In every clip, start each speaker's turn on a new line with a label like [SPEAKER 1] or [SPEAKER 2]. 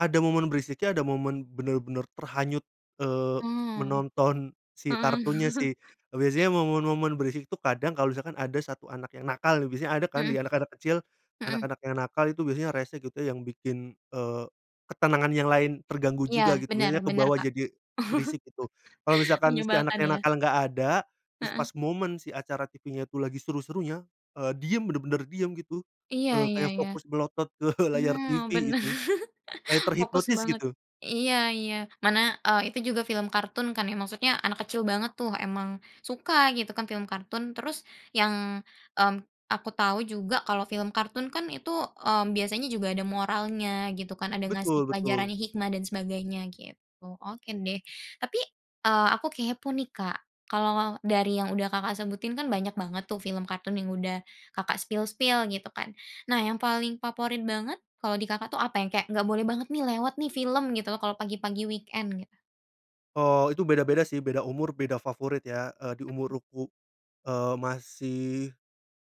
[SPEAKER 1] Ada momen berisiknya, ada momen bener-bener terhanyut, eee,
[SPEAKER 2] Hmm.
[SPEAKER 1] menonton si kartunnya
[SPEAKER 2] Mhm.
[SPEAKER 1] sih. Biasanya momen-momen berisik tuh kadang kalau misalkan ada 1 anak yang nakal nih, biasanya ada kan di
[SPEAKER 2] Mhm.
[SPEAKER 1] anak-anak kecil,
[SPEAKER 2] Mhm.
[SPEAKER 1] anak-anak yang nakal itu biasanya rese gitu yang bikin, eee, ketenangan yang lain terganggu
[SPEAKER 2] Iya
[SPEAKER 1] juga gitu,
[SPEAKER 2] bener
[SPEAKER 1] biasanya
[SPEAKER 2] bener,
[SPEAKER 1] kebawa
[SPEAKER 2] Kak.
[SPEAKER 1] jadi berisik, gitu. Kalo misalkan si anak
[SPEAKER 2] Menyebalkan
[SPEAKER 1] yang
[SPEAKER 2] ya?
[SPEAKER 1] nakal nggak ada, terus
[SPEAKER 2] Heeh.
[SPEAKER 1] pas momen si acara TV-nya tuh lagi seru-serunya, eee, diem bener-bener diem gitu,
[SPEAKER 2] iya
[SPEAKER 1] eee,
[SPEAKER 2] iya
[SPEAKER 1] kayak
[SPEAKER 2] iya,
[SPEAKER 1] fokus melotot ke layar TV
[SPEAKER 2] mmm, bener,
[SPEAKER 1] itu, kayak
[SPEAKER 2] fokus
[SPEAKER 1] terhipnotis
[SPEAKER 2] banget.
[SPEAKER 1] gitu.
[SPEAKER 2] Iya iya, mana, eee, itu juga film kartun kan ya, maksudnya anak kecil banget tuh emang suka gitu kan film kartun, terus yang, mmm, aku tahu juga kalau film kartun kan itu, mmm, biasanya juga ada moralnya gitu kan, ada ngasih
[SPEAKER 1] Betul
[SPEAKER 2] pelajaran
[SPEAKER 1] betul.
[SPEAKER 2] hikmah dan sebagainya, gitu. Oke deh tapi, eee, aku kepo nih ,Kak, kalau dari yang udah, Kakak, sebutin kan banyak banget tuh film kartun yang udah, Kakak, spill-spill gitu kan, nah yang paling favorit banget kalau di, Kakak, tuh apa? Yang kayak nggak boleh banget nih lewat nih film gitu loh kalau pagi-pagi weekend gitu.
[SPEAKER 1] Oh, itu beda-beda sih, beda umur beda favorit ya, eee, di
[SPEAKER 2] Mhm.
[SPEAKER 1] umur um eee, masih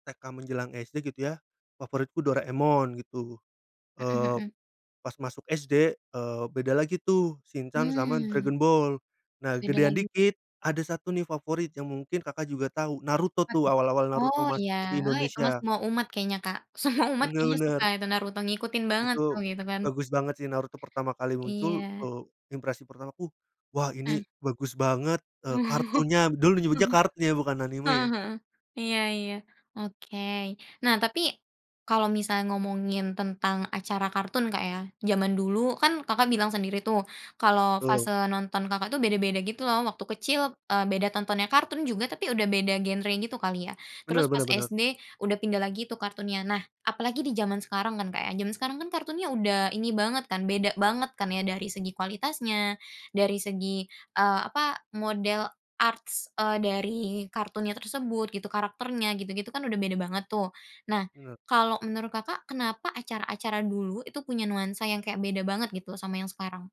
[SPEAKER 1] TK menjelang SD gitu ya favoritku Doraemon gitu.
[SPEAKER 2] Mhm
[SPEAKER 1] eee,
[SPEAKER 2] Mhm.
[SPEAKER 1] pas masuk SD, eee, beda lagi tuh, Shincan sama
[SPEAKER 2] Mmm.
[SPEAKER 1] Dragon Ball. Nah
[SPEAKER 2] Beda
[SPEAKER 1] gedean
[SPEAKER 2] lagi.
[SPEAKER 1] dikit, ada satu nih favorit yang mungkin, Kakak, juga tahu Naruto
[SPEAKER 2] Apa tuh?
[SPEAKER 1] tuh awal-awal Naruto
[SPEAKER 2] Oh,
[SPEAKER 1] masuk
[SPEAKER 2] iya.
[SPEAKER 1] TV
[SPEAKER 2] Oh itu mah
[SPEAKER 1] Indonesia.
[SPEAKER 2] semua umat kayaknya, Kak, semua umat
[SPEAKER 1] Bener
[SPEAKER 2] kayaknya suka
[SPEAKER 1] bener.
[SPEAKER 2] itu naruto ngikutin banget tuh
[SPEAKER 1] Itu
[SPEAKER 2] gitu kan.
[SPEAKER 1] bagus banget sih Naruto pertama kali muncul,
[SPEAKER 2] Iya.
[SPEAKER 1] eee, impresi pertama ku, "Wah ini
[SPEAKER 2] Ah.
[SPEAKER 1] bagus banget, eee, kartunya." Dulu
[SPEAKER 2] Ah
[SPEAKER 1] menyebutnya
[SPEAKER 2] hah
[SPEAKER 1] kartun ya bukan anime
[SPEAKER 2] Ah
[SPEAKER 1] ya?
[SPEAKER 2] hah, iya iya, oke. Nah tapi kalau misalnya ngomongin tentang acara kartun ,Kak, ya, zaman dulu kan, Kakak, bilang sendiri tuh kalau
[SPEAKER 1] Betul.
[SPEAKER 2] fase nonton, Kakak, tuh beda-beda gitu loh. Waktu kecil, eee, beda tontonnya, kartun juga tapi udah beda genre gitu kali ya, terus
[SPEAKER 1] benar
[SPEAKER 2] pas
[SPEAKER 1] benar benar.
[SPEAKER 2] SD udah pindah lagi tuh kartunnya, nah apalagi di zaman sekarang kan, Kak, ya, zaman sekarang kan kartunnya udah ini banget kan, beda banget kan ya dari segi kualitasnya, dari segi, eee, apa, model arts, eee, dari kartunnya tersebut gitu, karakternya gitu-gitu kan udah beda banget tuh. Nah
[SPEAKER 1] Bener.
[SPEAKER 2] kalau menurut, Kakak, kenapa acara-acara dulu itu punya nuansa yang kayak beda banget gitu loh sama yang sekarang?